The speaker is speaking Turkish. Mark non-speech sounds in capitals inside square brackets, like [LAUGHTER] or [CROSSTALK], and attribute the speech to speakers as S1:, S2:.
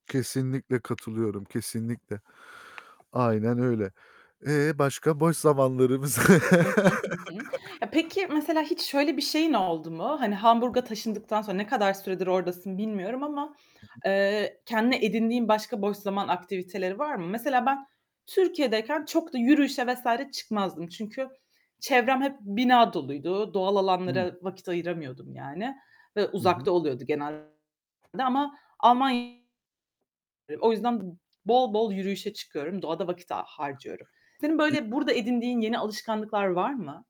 S1: Kesinlikle katılıyorum, kesinlikle. Aynen öyle. E, başka boş zamanlarımız?
S2: Hı hı, hı hı. Ya,
S1: [LAUGHS]
S2: peki mesela hiç şöyle bir şeyin oldu mu? Hani Hamburg'a taşındıktan sonra ne kadar süredir oradasın bilmiyorum ama,
S1: Hı hı.
S2: eee, kendine edindiğin başka boş zaman aktiviteleri var mı? Mesela ben Türkiye'deyken çok da yürüyüşe vs. çıkmazdım. Çünkü çevrem hep bina doluydu. Doğal
S1: Evet.
S2: alanlara vakit ayıramıyordum yani ve
S1: Hı hı.
S2: uzakta oluyordu genelde ama Alman O yüzden b bol, bol yürüyüşe çıkıyorum, doğada vakit ha harcıyorum. Senin
S1: I
S2: böyle burada edindiğin yeni alışkanlıklar var mı?